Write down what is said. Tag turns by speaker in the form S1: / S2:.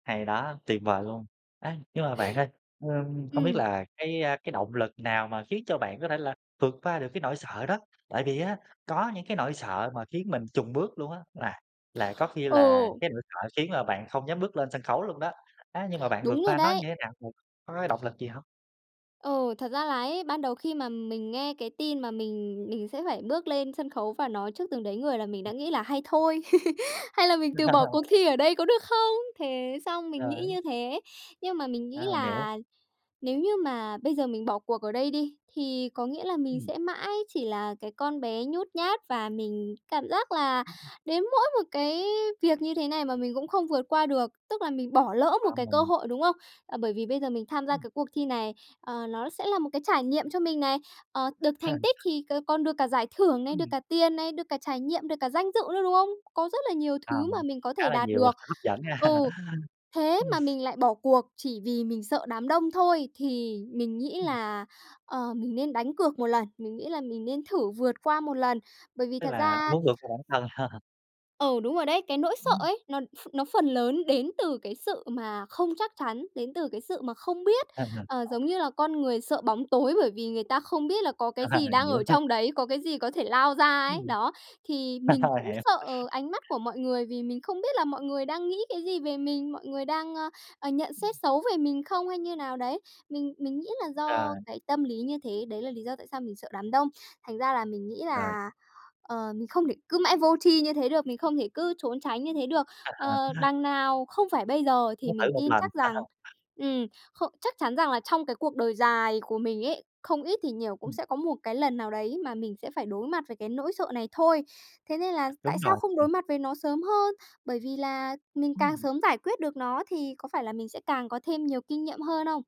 S1: Hay đó, tuyệt vời luôn! A, nhưng mà bạn ơi, ờm, không biết
S2: Ừm.
S1: là cái cái động lực nào mà khiến cho bạn có thể là vượt qua được cái nỗi sợ đó. Tại vì á, có những cái nỗi sợ mà khiến mình chùn bước luôn á, là là có khi là
S2: Ừ.
S1: cái nỗi sợ khiến là bạn không dám bước lên sân khấu luôn đó, á, nhưng mà bạn vượt
S2: Đúng rồi
S1: qua nó
S2: đấy.
S1: như thế nào? Có cái động lực gì hông?
S2: Ừ, thật ra là ấy, ban đầu khi mà mình nghe cái tin mà mình mình sẽ phải bước lên sân khấu và nói trước từng đấy người là mình đã
S1: Ừm.
S2: nghĩ là hay thôi. Hay là mình từ bỏ cuộc
S1: Ờ.
S2: thi ở đây có được không? Thế xong mình nghĩ
S1: Ờ.
S2: như thế. Nhưng mà mình
S1: A,
S2: nghĩ
S1: mình hiểu.
S2: là nếu như mà bây giờ mình bỏ cuộc ở đây đi, thì có nghĩa là mình
S1: Ừm.
S2: sẽ mãi chỉ là cái con bé nhút nhát, và mình cảm giác là
S1: Ừm.
S2: đến mỗi một cái việc như thế này mà mình cũng không vượt qua được, tức là mình bỏ lỡ một
S1: A,
S2: cái cơ
S1: mình
S2: hội, đúng không? Ờ, bởi vì bây giờ mình tham gia
S1: Ừm.
S2: cái cuộc thi này, ờ, nó sẽ là một cái trải nghiệm cho mình này, ờ, được thành tích thì c còn được cả giải thưởng này, được
S1: Ừm.
S2: cả tiền này, được cả trải nghiệm, được cả danh dự nữa, đúng không? Có rất là nhiều
S1: Ờ,
S2: thứ mà mình có
S1: khá
S2: thể
S1: là
S2: đạt
S1: nhiều
S2: được
S1: sự hấp dẫn ha.
S2: ừ, thế
S1: Ừm.
S2: mà mình lại bỏ cuộc chỉ vì mình sợ đám đông thôi thì mình nghĩ
S1: Ừm.
S2: là, ờ, mình nên đánh cược một lần, mình nghĩ là mình nên thử vượt qua một lần. Bởi vì
S1: Tức
S2: thật
S1: là
S2: ra
S1: muốn vượt qua bản thân.
S2: Ừ, đúng rồi đấy, cái nỗi sợ
S1: Ừm.
S2: ấy, nó ph nó phần lớn đến từ cái sự mà không chắc chắn, đến từ cái sự mà không biết, ờ, giống như là con người sợ bóng tối bởi vì người ta không biết là có cái gì
S1: Rồi,
S2: đang
S1: hiểu
S2: ở
S1: ha.
S2: trong đấy, có cái gì có thể lao ra ấy.
S1: Ừm.
S2: Đó, thì mình cũng
S1: Hiểu.
S2: sợ ánh mắt của mọi người vì mình không biết là mọi người đang nghĩ cái gì về mình, mọi người đang, ờ, ờ, nhận xét
S1: Ừm.
S2: xấu về mình không, hay như nào đấy. Mình mình nghĩ là
S1: Ờ.
S2: do cái tâm lý như thế, đấy là lý do tại sao mình sợ đám đông. Thành ra là mình nghĩ
S1: Rồi.
S2: là, ờ, mình không để cứ mãi vô tri như thế được, mình không thể cứ trốn tránh như thế được. Ờ, đằng nào không phải bây giờ thì
S1: Muốn
S2: mình
S1: thử một
S2: tin
S1: lần,
S2: chắc
S1: phải
S2: rằng
S1: không?
S2: ừm, khô chắc chắn rằng là trong cái cuộc đời dài của mình ấy, không ít thì nhiều cũng
S1: Ừm.
S2: sẽ có một cái lần nào đấy mà mình sẽ phải đối mặt với cái nỗi sợ này thôi. Thế nên là
S1: Đúng
S2: tại sao
S1: rồi.
S2: không đối mặt với nó sớm hơn? Bởi vì là mình càng
S1: Ừm.
S2: sớm giải quyết được nó thì có phải là mình sẽ càng có thêm nhiều kinh nghiệm hơn không?